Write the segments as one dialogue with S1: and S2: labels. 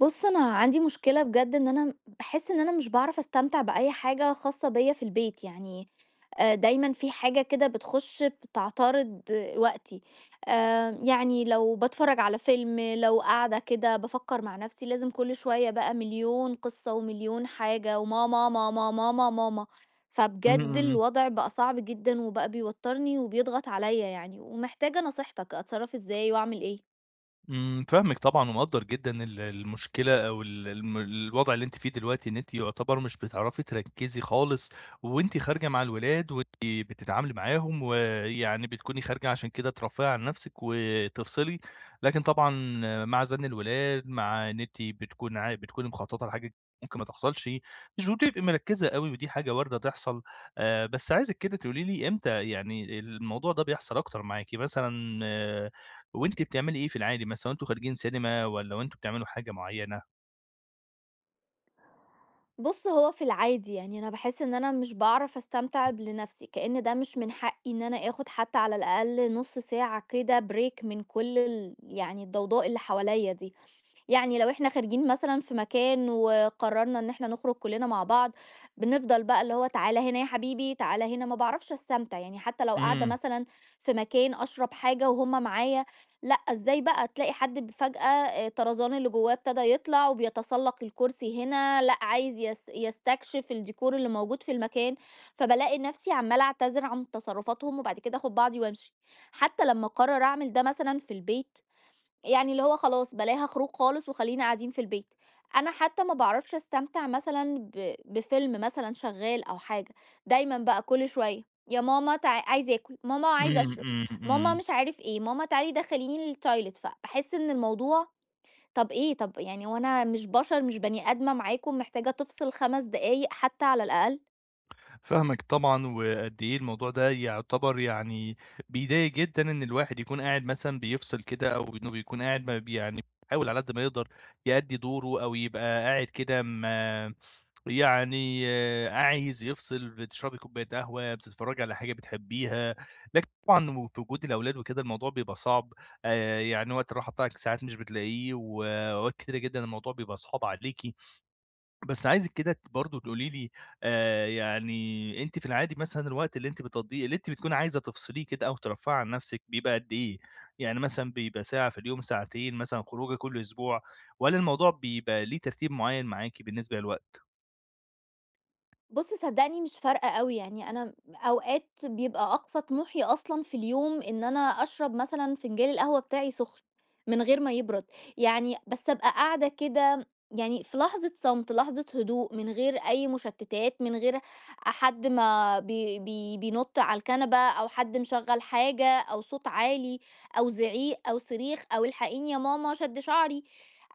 S1: بُصّ، أنا عندي مشكلة بجد، إن أنا باحس إن أنا مش باعرف أستمتع بأي حاجة خاصة بيّا في البيت يعني آآ، دايمًا في حاجة كده بتخش بتعترض وقتي. آآ، يعني لو باتفرج على فيلم، لو قاعدة كده بافكر مع نَفسي، لازم كُلّ شوية بقى مليون قصة ومليون حاجة وماما، ماما، ماما، ماما،
S2: إمم،
S1: فبجد
S2: إمم.
S1: الوضع بقى صعب جدًا، وبقى بيوترني وبيضغط عليّا يعني، ومحتاجة نصيحتك أتصرف إزاي واعمل إيه؟
S2: إمم، فاهمِك طبعًا، ومقدر جدًا ال المشكلة أو ال الم الوضع اللي أنتِ فيه دلوقتي، إن أنتِ يُعتبر مش بتعرفي تركّزي خالص، وأنتِ خارجة مع الولاد وأنتِ بتتعاملي معاهم، ويعني بتكوني خارجة عشان كده ترفهي عن نَفسِك وتفصلي، لكن طبعًا مع زَن الولاد، مع إن أنتِ بتكوني عا بتكوني مخططة لحاجة ممكن ما تحصلش، مش بتبقي مركزة أوي، ودي حاجة واردة تحصل. آآ، بس عايزِك كده تقولي لي إمتى يعني الموضوع ده بيحصل أكتر معاكِ مثلًا وأنتِ بتعملي إيه في العادي مثلًا، وأنتم خارجين سينما والّا وأنتم بتعملوا حاجة معيّنة؟
S1: بُص، هو في العادي يعني، أنا باحس إن أنا مش باعرف أستمتع ب لنفْسِي، كأن ده مش من حقي إن أنا آخد حتى على الأقل نُص ساعة كده Break من كل ال يعني الضوضاء اللي حواليّا دي، يعني لو إحنا خارجين مثلًا في مكان وقررنا إن إحنا نخرج كلنا مع بعض، بنفضل بقى اللي هو تعالَ هنا يا حبيبي، تعالَ هنا. ما باعرفش استمتع يعني، حتى لو قاعدة
S2: إمم.
S1: مثلًا في مكان أشرب حاجة وهُم معايا، لأ إزاي بقى؟! تلاقي حد بفجأة آآ طرزان اللي جواه ابتدى يطلع وبيتسلق الكرسي هنا، لأ عايز يس يستكشف الdécor اللي موجود في المكان، فبالاقي نفْسِي عمالة أعتذر عن تصرفاتهم وبعد كده آخد بعضي وأمشي. حتى لمّا أقرر أعمل ده- مثلًا في البيت يعني اللي هو خلاص بلاها خروج خالص وخلينا قاعدين في البيت. أنا حتى ما باعرفش أستمتع مثلًا ب بفيلم مثلًا شغال أو حاجة، دايمًا بقى كل شوية يا ماما تع عايز آكل، ماما عايز
S2: إمم،
S1: أشرب،
S2: إمم،
S1: ماما
S2: إمم.
S1: مش عارف إيه، ماما تعالي دخليني الtoilettes فباحس إن الموضوع طَب إيه؟! طَب يعني هو أنا مش بشر، مش بني آدمة معاكم محتاجة تفصل 5 دقايق حتى على الأقل؟!
S2: فاهمِك طبعًا، وقد إيه الموضوع ده يُعتبر يعني بيضايق جدًا، إن الواحد يكون قاعد مثلًا بيفصل كده أو إنه بيكون قاعد ب يعني بيحاول على قد ما يقدر يؤدي دوره أو يبقى قاعد كده م يعني عايز يفصل، بتشربي كوباية قهوة، بتتفرجي على حاجة بتحبيها، لكن طبعًا في وجود الأولاد وكده، الموضوع بيبقى صعب، آآ، يعني وقت الراحة بتاعِك ساعات مش بتلاقيه وأوقات كتيرة جدًا الموضوع بيبقى صعب عليكِ، بس عايزِك كده برضه تقولي لي، آآ، يعني أنتِ في العادي مثلًا الوقت اللي أنتِ بتقضيه، اللي أنتِ بتكوني عايزة تفصليه كده أو ترفهي عن نفْسِك بيبقى قد إيه؟ يعني مثلًا بيبقى ساعة في اليوم، ساعتين مثلًا، خروجة كل أسبوع والّا الموضوع بيبقى ليه ترتيب معيَّن معاكِ بالنسبة للوقت؟
S1: بُصّ صدّقني مش فارقة أوي يعني، أنا أوقات بيبقى أقصى طموحي أصلًا في اليوم إن أنا أشرب مثلًا فنجال القهوة بتاعي سخن، من غير ما يبرد، يعني بس أبقى قاعدة كده يعني في لحظة صمت، لحظة هدوء من غير أي مشتتات، من غير حد ما بي بي بينط على الكنبة أو حد مشغّل حاجة أو صوت عالي أو زعيق أو صريخ أو "الحقيني يا ماما، شد شعري."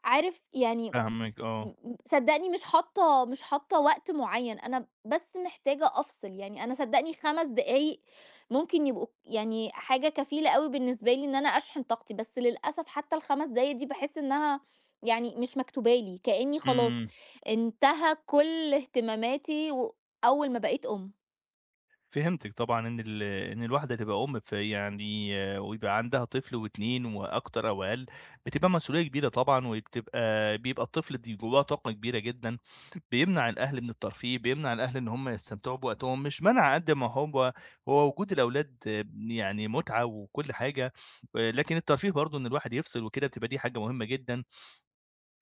S1: عارف يعني
S2: فاهمِك آه.
S1: مم صدّقني مش حاطة مش حاطة وقت معيّن، أنا بس محتاجة أفصل يعني، أنا صدّقني 5 دقايق ممكن يبقوا يعني حاجة كفيلة أوي بالنسبة لي إن أنا أشحن طاقتي، بس للأسف حتى ال5 دقايق دي باحس إنها يعني مش مكتوبة لي، كأنّي خلاص،
S2: إمم.
S1: انتهى كُلّ اهتماماتي و أول ما بقيت أم.
S2: فهمتِك طبعًا إن ال إن الواحدة تبقى أم، فيعني ويبقى عندها طفل و2 وأكتر أو أقل، بتبقى مسئولية كبيرة طبعًا، وبتبقى بيبقى الطفل د جواه طاقة كبيرة جدًا بيمنع الأهل من الترفيه، بيمنع الأهل إن هُم يستمتعوا بوقتهم، مش منْع قدّ ما هو هو وجود الأولاد يعني متعة وكل حاجة، آآ، لكن الترفيه برضو إن الواحد يفصل وكده، بتبقى دي حاجة مهمة جدًا.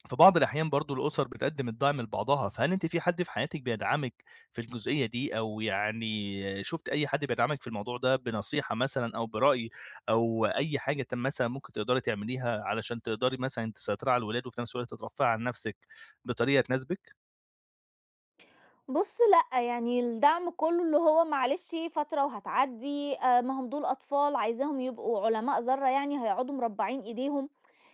S2: في بعض الأحيان برضو الأُسَر بتقدم الدعم لبعضها، فهل أنتِ في حد في حياتِك بيدعمِك في الجزئية دي، أو يعني شُفتِ أي حد بيدعمِك في الموضوع ده بنصيحة مثلًا أو برأي أو أي حاجة ت مثلًا ممكن تقدري تعمليها علشان تقدري مثلًا تسيطري على الولاد، وفي نَفس الوقت ترفهي عن نَفسِك بطريقة تناسبِك؟
S1: بُص لأ، يعني الدّعم كُلّه اللي هو معلش فترة وهتعدّي، آآ ما هم دول أطفال، عايزاهم يبقوا علماء ذرّة يعني، هيقعدوا مربّعين أيديهم،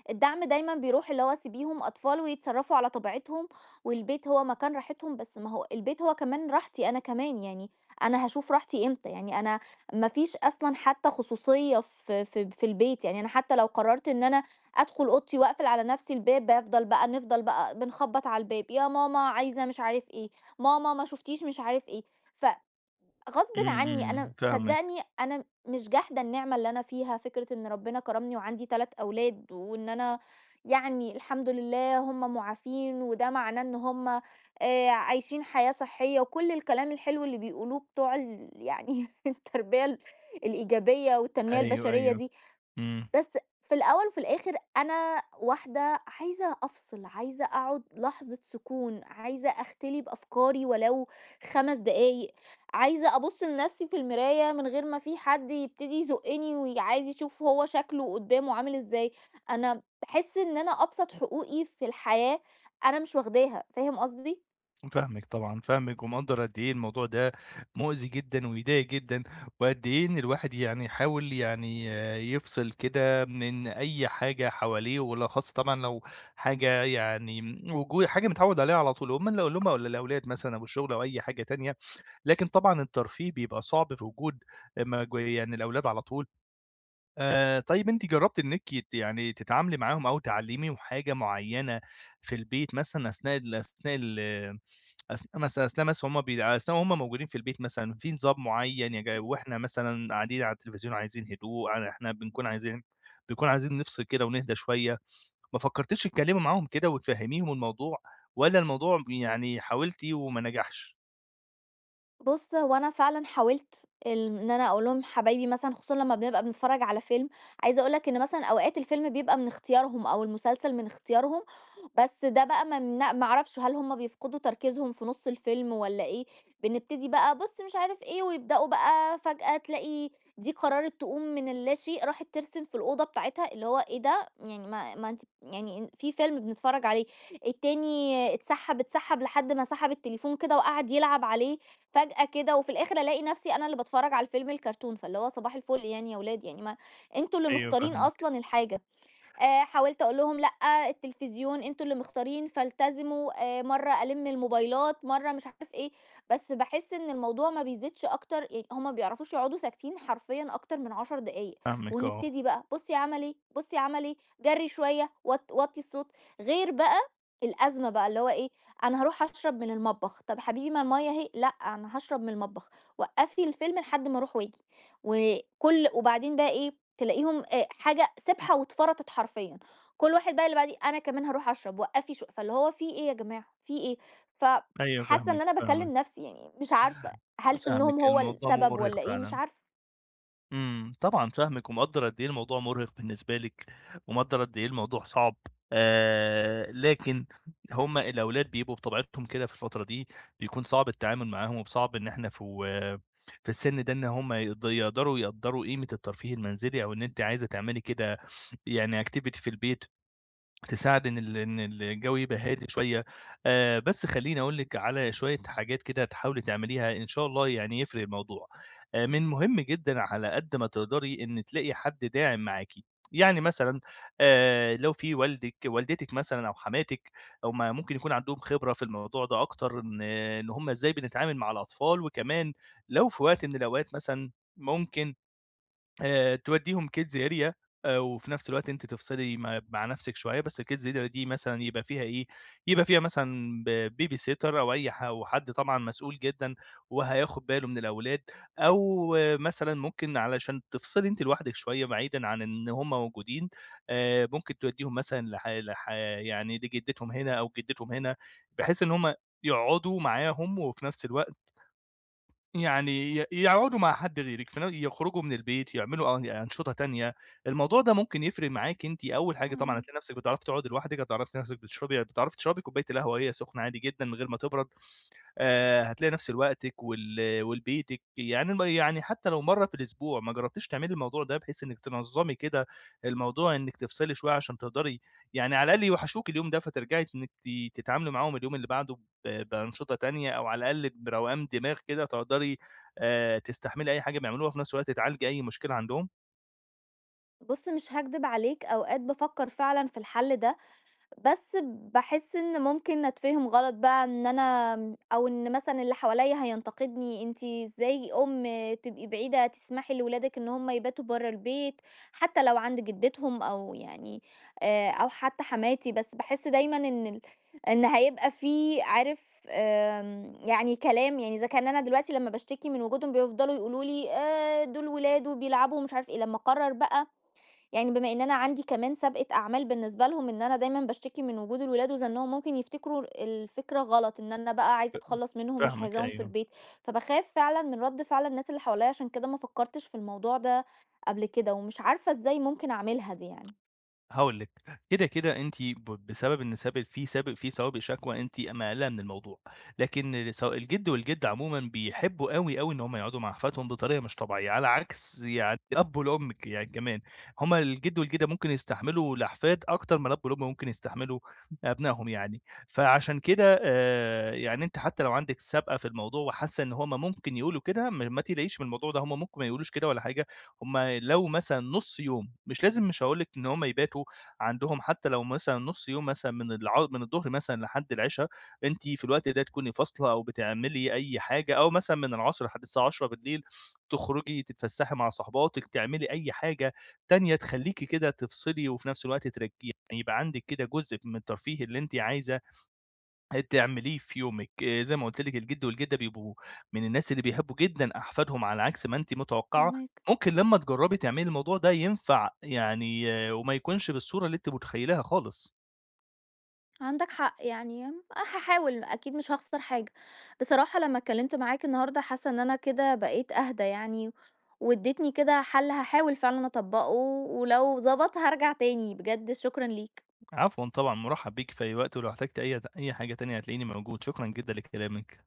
S1: الدّعم دايمًا بيرُوح اللي هو سيبيهم أطفال ويتصرّفوا على طبيعتهم، والبيت هو مكان راحتهم، بس ما هو البيت هو كمان راحتي أنا كمان، يعني أنا هاشوف راحتي إمتى؟ يعني أنا ما فيش أصلًا حتى خصوصية في ف في البيت، يعني أنا حتى لو قررت إن أنا أدخُل أوضتي واقفل على نفْسي الباب، بافضَل بقى نفضَل بقى بنخبّط على الباب، يا ماما عايزة مش عارف إيه، ماما ما شُفتيش مش عارف إيه، ف غصْبٍ
S2: إمم،
S1: عني،
S2: إمم،
S1: أنا
S2: فاهمِك.
S1: صدقني أنا مش جاحدة النعمة اللي أنا فيها، فكرة إن ربنا كرَّمني وعندي 3 أولاد، وإن أنا يعني الحمد لله هُم مُعافين، وده معناه إن هُم آآ عايشين حياة صحية، وكُلّ الكلام الحلو اللي بيقولوه بتوع ال يعني التربية الإيجابية والتنمية
S2: أيوه،
S1: البشرية
S2: أيوه،
S1: دي،
S2: إمم.
S1: بس في الأول وفي الآخر أنا واحدة عايزة أفصِل، عايزة أقعُد لحظة سكون، عايزة أختلي بأفكاري ولو 5 دقايق، عايزة أبُص لنفْسي في المراية من غير ما في حد يبتدي يزُقّني، وعايز يشوف هو شكلُه قدامُه عامل إزاي، أنا باحِسّ إن أنا أبسط حقوقي في الحياة، أنا مش واخداها، فاهم قصدي؟
S2: فاهمِك طبعًا، فاهمِك، ومقدّر قد إيه الموضوع ده مؤذي جدًا ويضايق جدًا، وقد إيه إن الواحد يعني يحاول يعني يفصل كده من أي حاجة حواليه، وبالأخصّ طبعًا لو حاجة يعني مو جو حاجة متعوِّد عليها على طول هُم ال هُم والَا الأولاد مثلًا أو الشُّغل أو أي حاجة تانية، لكن طبعًا الترفيه بيبقى صعب في وجود ما ج يعني الأولاد على طول، آآ طيب أنتِ جرّبتي إنكِ ت يعني تتعاملي معاهم أو تعلِّميهم حاجة مُعيّنة، في البيت مثلًا أثناء ال أثناء ال أثناء مثلًا أثناء مث همَّ بيع أثناء وهمَّ موجودين في البيت مثلًا في نظام مُعيّن؟ يج
S1: امم.
S2: وإحنا مثلًا قاعدين على التلفزيون عايزين هدوء، ع إحنا بنكون عايزين بنكون عايزين نفصِل كده ونهدى شوية، ما فكرتيش تتكلِّمي معاهم كده وتفهميهم الموضوع، والّا الموضوع يعني حاولتِ وما نجحش؟
S1: بُص هو أنا فعلًا حاولت، ال إن أنا أقول لهم حبايبي مثلًا خصوصًا لما بنبقى بنتفرج على فيلم، عايزة أقول لك إن مثلًا أوقات الفيلم بيبقى من اختيارهم أو المسلسل من اختيارهم، بس ده بقى ما من ما أعرفش، هل همَّ بيفقدوا تركيزهم في نُصّ الفيلم، والّا إيه؟ بنبتدي بقى بُص مش عارف إيه، ويبدأوا بقى فجأة تلاقي دي قررت تقوم من اللاشيء راحت ترسم في الأوضة بتاعتها، اللي هو إيه ده؟! يعني ما ما أنتِ يعني في فيلم بنتفرج عليه، التاني اتسحَّب، اتسحَّب لحد ما سحب التليفون كده وقعد يلعب عليه، فجأة كده، وفي الآخر ألاقي نفسي أنا اللي باتفرج على الفيلم الكارتون، فاللي هو صباح الفُل يعني يا ولاد، يعني ما أنتم اللي
S2: أيوه،
S1: مختارين
S2: فاهمِك.
S1: أصلًا الحاجة، آآ حاولت أقول لهم: "لأ، التلفزيون أنتم اللي مختارين فالتزموا." آآ، مَرّة ألِمّ الموبايلات، مَرّة مش عارف إيه، بس باحِسّ إن الموضوع ما بيزيدش أكتر يعني هُم ما بيعرفوش يقعدوا ساكتين حرفيًا أكتر من 10 دقايق،
S2: فاهمِك آه.
S1: ونبتدي بقى بُصي عمل إيه، بُصي عمل إيه، جري شوية، وط وَطّي الصوت، غير بقى الأزمة بقى، اللي هو إيه، "أنا هاروح أشرب من المطبخ." "طب حبيبي، ما المَيّة أهي." "لأ، أنا هاشرب من المطبخ، وقفي الفيلم لحد ما أروح وآجي." وكُلّ وبعدين بقى إيه، تلاقيهم آآ حاجة سبحة واتفرطت حرفيًا، كُلّ واحد بقى اللي بعديه "أنا كمان هاروح أشرب، وقفي شو" فاللي هو في إيه يا جماعة، في إيه؟ ف
S2: أيوه
S1: حاسة إن
S2: فاهمِك،
S1: أنا باكلِّم
S2: فاهمِك.
S1: نفسي يعني مش عارفة، هل
S2: فاهمِك،
S1: سنهم هو
S2: الموضوع
S1: السبب والّا
S2: مُرهق
S1: إيه، مش
S2: فعلًا.
S1: عارفة.
S2: إمم، طبعًا فاهمِك ومقدر قدّ إيه الموضوع مُرهق بالنسبة لِك، ومقدر قدّ إيه الموضوع صعب. آآ، لكن هُم الأولاد بيبقوا بطبيعتهم كده في الفترة دي بيكون صعب التعامل معاهم، وصعب إن إحنا في و في السن ده إن هُم يقد يقدروا يقدّروا قيمة الترفيه المنزلي أو إن أنتِ عايزة تعملي كده يعني activity في البيت تساعد إن ال إن الجو يبقى هادي شوية. آآ، بس خلّيني أقول لِك على شوية حاجات كده تحاولي تعمليها إن شاء الله يعني يفرق الموضوع. آآ، من مهم جدًا على قدّ ما تقدري إن تلاقي حد داعم معاكِ، يعني مثلًا آآ، لو في والدِك، والدتِك مثلًا أو حماتِك هُم ممكن يكون عندهم خبرة في الموضوع ده أكتر، إن إن هُم إزاي بنتعامل مع الأطفال، وكمان لو في وقت من الأوقات مثلًا ممكن آآ، توديهم kids area آآ، وفي نَفس الوقت أنتِ تفصلي م مع نَفسِك شوية، بس الkids area دي مثلًا يبقى فيها إيه، يبقى فيها مثلًا b babysitter أو أي ح أو حد طبعًا مسؤول جدًا وهياخد باله من الأولاد. أو مثلًا ممكن علشان تفصلي أنتِ لوحدِك شوية بعيدًا عن إن هُم موجودين، آآ، ممكن توديهم مثلًا لح لح يعني لجدتهم هنا أو جدتهم هنا، بحيث إن هُم يقعدوا معاهم، وفي نَفس الوقت يعني ي يقعدوا مع حد غيرِك، في ن يخرجوا من البيت يعملوا أن أنشطة تانية، الموضوع ده ممكن يفرق معاكِ، أنتِ أول حاجة طبعًا
S1: فاهماك.
S2: هتلاقي نَفسِك بتعرفي تقعدي لوحدِك، هتعرفي تلاقي نَفسِك بتشربي هتعرفي تشربي كوباية القهوة وهي سخنة عادي جدًا من غير ما تبرد. آآ، هتلاقي نَفس لوقتِك ول ولبيتِك يعني ما يعني حتى لو مَرّة في الأسبوع، ما جربتيش تعملي الموضوع ده بحيث إنِك تنظمي كده الموضوع إنِك تفصلي شوية، عشان تقدري يعني على الأقل يوحشوكِ اليوم ده، فترجعي إنِك تتعاملي معاهم اليوم اللي بعده ب بأنشطة تانية، أو على الأقل بروقان دماغ كده تقدري آآ، تستحملي أي حاجة بيعملوها، وفي نَفس الوقت تعالجي أي مشكلة عندهم؟
S1: بُصّ مش هاكدب عليك، أوقات بافكر فعلًا في الحل ده، بس باحس إن ممكن أتفهم غلط بقى إن أنا أو إن مثلًا اللي حواليّا هينتقدني، أنتِ إزاي أم تبقي بعيدة تسمحي لولادِك إن هُم يباتوا برّا البيت حتى لو عند جدتهم أو يعني آآ، أو حتى حماتي، بس باحس دايمًا إن ال إن هيبقى في عارف آمم، يعني كلام، يعني إذا كان أنا دلوقتي لمّا باشتكي من وجودهم بيفضلوا يقولوا لي آآ، دول ولاد وبيلعبوا ومش عارف إيه، لمّا اقرر بقى يعني بما إن أنا عندي كمان سابقة أعمال بالنسبة لهم إن أنا دايمًا باشتكي من وجود الولاد وزنّهم، ممكن يفتكروا الفكرة غلط، إن أنا بقى عايزة
S2: فا
S1: أتخلص منهم، مش
S2: فاهمِك
S1: عايزاهم في
S2: أيوه.
S1: البيت، فباخاف فعلًا من رد فعل الناس اللي حواليّا، عشان كده ما فكرتش في الموضوع ده قبل كده، ومش عارفة إزاي ممكن أعملها دي يعني.
S2: هاقول لِك، كده كده أنتِ ب بسبب إن سب في سب في سوابق شكوى أنتِ مقلّقة من الموضوع، لكن س الجد والجدة عمومًا بيحبوا أوي، أوي، إن هُم يقعدوا مع أحفادهم بطريقة مش طبيعية، على عكس يعني الأب والأم ك يعني كمان، هُم الجد والجدة ممكن يستحملوا الأحفاد أكتر ما الأب والأم ممكن يستحملوا أبنائهم يعني، فعشان كده آآ، يعني أنتِ حتى لو عندِك سابقة في الموضوع وحاسة إن هُم ممكن يقولوا كده، م ما تقلقيش من الموضوع ده، هُم ممكن ما يقولوش كده ولا حاجة، هُم لو مثلًا نُص يوم، مش لازم مش هاقول لِك إن هُم يباتوا عندهم، حتى لو مثلًا نُص يوم مثلًا من الع من الضهر مثلًا لحد العشا، أنتِ في الوقت ده تكوني فاصلة أو بتعملي أي حاجة، أو مثلًا من العصر لحد الساعة 10:00 م تخرجي تتفسحي مع صاحباتِك، تعملي أي حاجة تانية تخلّيكِ كده تفصلي، وفي نَفس الوقت ترك يعني يبقى عندِك كده جزء من الترفيه اللي أنت عايزة آآ، تعمليه في يومِك. آآ، زي ما قُلت لك، الجد والجدة بيبقوا من الناس اللي بيحبوا جدًا أحفادهم، على عكس ما أنتِ متوقعة،
S1: فاهماك.
S2: ممكن لمّا تجربي تعملي الموضوع ده ينفع يعني، وما يكونش بالصورة اللي أنتِ متخيلاها خالص.
S1: عندك حق يعني هاحاول أكيد مش هاخسر حاجة، بصراحة لما اتكلمت معاك النهاردة حاسة إن أنا كده بقيت أهدا يعني واديتني كده حل هاحاول فعلًا أطبّقه ولو ضبط هارجع تاني، بجد شكرًا ليك.
S2: عفوًا طبعًا مُرحّب بيكِ في أي وقت ولو احتجتي أي ت أي حاجة تانية هتلاقيني موجود، شكرًا جدًا لكلامِك.